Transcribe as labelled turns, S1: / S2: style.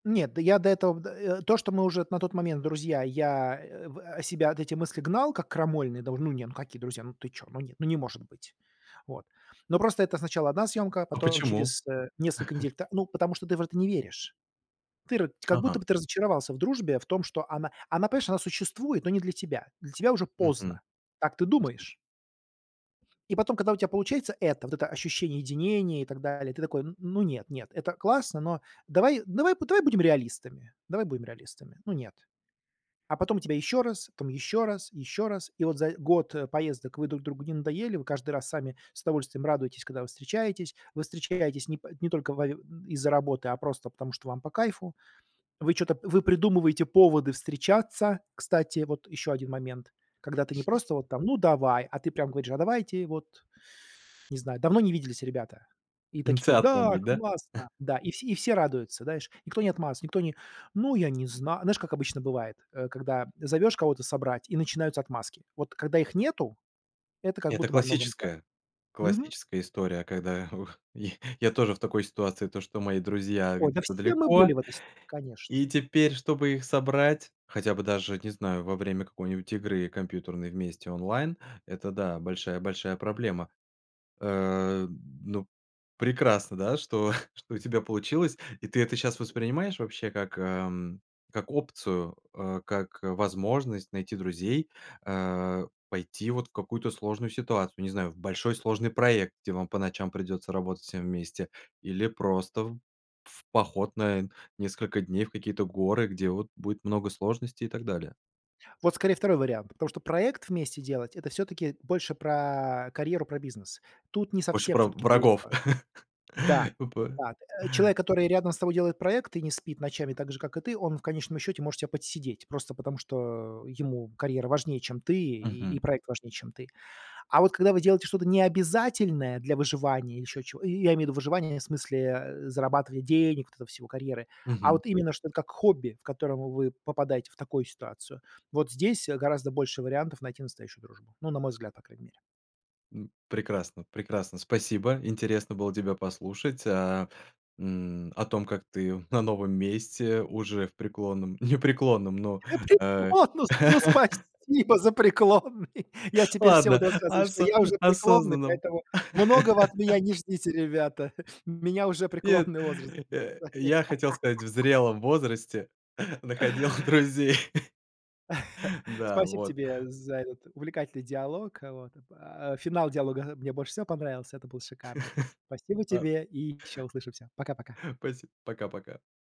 S1: Нет, до я до этого, э, то, что мы уже на тот момент друзья, я, э, в э, себя, от эти мысли, гнал, как крамольные, да уж, ну не, ну какие друзья, ну ты чё, ну нет, ну, не может быть. Вот. Но просто это сначала 1 съёмка,
S2: А
S1: потом
S2: почему?
S1: через, э, несколько недель та ну, потому что ты в это не веришь. Ты р как будто
S2: Ага.
S1: бы ты разочаровался в дружбе, в том, что она она, понимаешь, существует, но не для тебя. Для тебя уже поздно,
S2: Мгм.
S1: так ты думаешь. И потом, когда у тя получается это, вот это ощущение единения и так далее, ты такой: "Н ну, нет нет, это классно, но давай давай б давай будем реалистами давай будем реалистами, ну, нет". А потом тебя ещё раз, там ещё раз, ещё раз, и вот за, э, год поездок вы друг другу не надоели, вы каждый раз сами с удовольствием радуетесь, когда вы встречаетесь. Вы встречаетесь не по не только во из-за работы, а просто потому, что вам по кайфу. Вы чё-то вы придумываете поводы встречаться. Кстати, вот ещё один момент. Когда ты не просто вот там: "Ну давай!", А ты прям говоришь: "А давайте вот!- Не знаю,- Давно не виделись, ребята". И такие:
S2: Инициатором
S1: "Да,
S2: быть, да?
S1: классно", да, и все и все радуются, знаешь, никто не отмазывается, никто не: "Ну, я не знаю", знаешь, как обычно бывает, э, когда зовешь кого-то собрать, и начинаются отмазки. Вот когда их нету- это как
S2: Это
S1: будто бы о многом говорит.
S2: классическая
S1: Мгм.
S2: классическая история, когда я я тоже в такой ситуации: то, что мои друзья
S1: Ой, да
S2: где-то
S1: все мы были
S2: далеко,
S1: в этой ситуации, конечно.
S2: и теперь, чтобы их собрать, хотя бы даже, не знаю, во время какой-нибудь игры компьютерной вместе онлайн- это, да, большая-большая проблема. Э, ну, прекрасно, да, что что у тебя получилось, и ты это щас воспринимаешь вообще как, эм, как опцию, э, как возможность найти друзей, э, пойти вот в какую-то сложную ситуацию, не знаю, в большой сложный проект, где вам по ночам придется работать всем вместе, или просто в в поход на несколько дней в какие-то горы, где вот будет много сложностей и так далее?
S1: Вот скорее 2 вариант, потому что проект вместе делать- это всё-таки больше про карьеру, про бизнес. Тут не
S2: Больше
S1: совсем
S2: про
S1: всё-таки
S2: врагов.
S1: дружба. Да,
S2: Опа.
S1: да, э, человек, который рядом с тобой делает проект и не спит ночами так же, как и ты, он в конечном счёте может тя подсидеть, просто, потому что ему карьера важнее, чем ты, и
S2: Мгм.
S1: проект важнее, чем ты. А вот когда вы делаете что-то необязательное для выживания, ещё чего я имею в виду выживание, в смысле, э, зарабатывания денег, вот этого всего, карьеры, а
S2: Мгм.
S1: вот именно, что это как хобби, в котором вы попадаете в такую ситуацию, вот здесь, э, гораздо больше вариантов найти настоящую дружбу, ну, на мой взгляд, по крайней мере.
S2: М. Прекрасно прекрасно, спасибо, интересно было тебя послушать, а, м, о том, как ты на новом месте уже в преклонном не преклонном, ну,
S1: Хочу
S2: э
S1: отпуск! Ну, спасибо за преклонный! Я теперь всем
S2: ладно,
S1: буду рассказывать, что
S2: осо
S1: я уже преклонный,
S2: осознанном
S1: поэтому многого от меня не ждите, ребята. Меня уже
S2: нет,
S1: преклонный возраст
S2: я
S1: записали.
S2: я хотел сказать, в зрелом возрасте находил друзей. Да,
S1: Спасибо
S2: вот.
S1: тебе за этот увлекательный диалог, э, вот. Э, финал диалога, э, мне больше всего понравился. Это было шикарно. Спасибо
S2: А
S1: тебе, и ещё услышимся. Пока-пока.
S2: Спасибо. Пока-пока.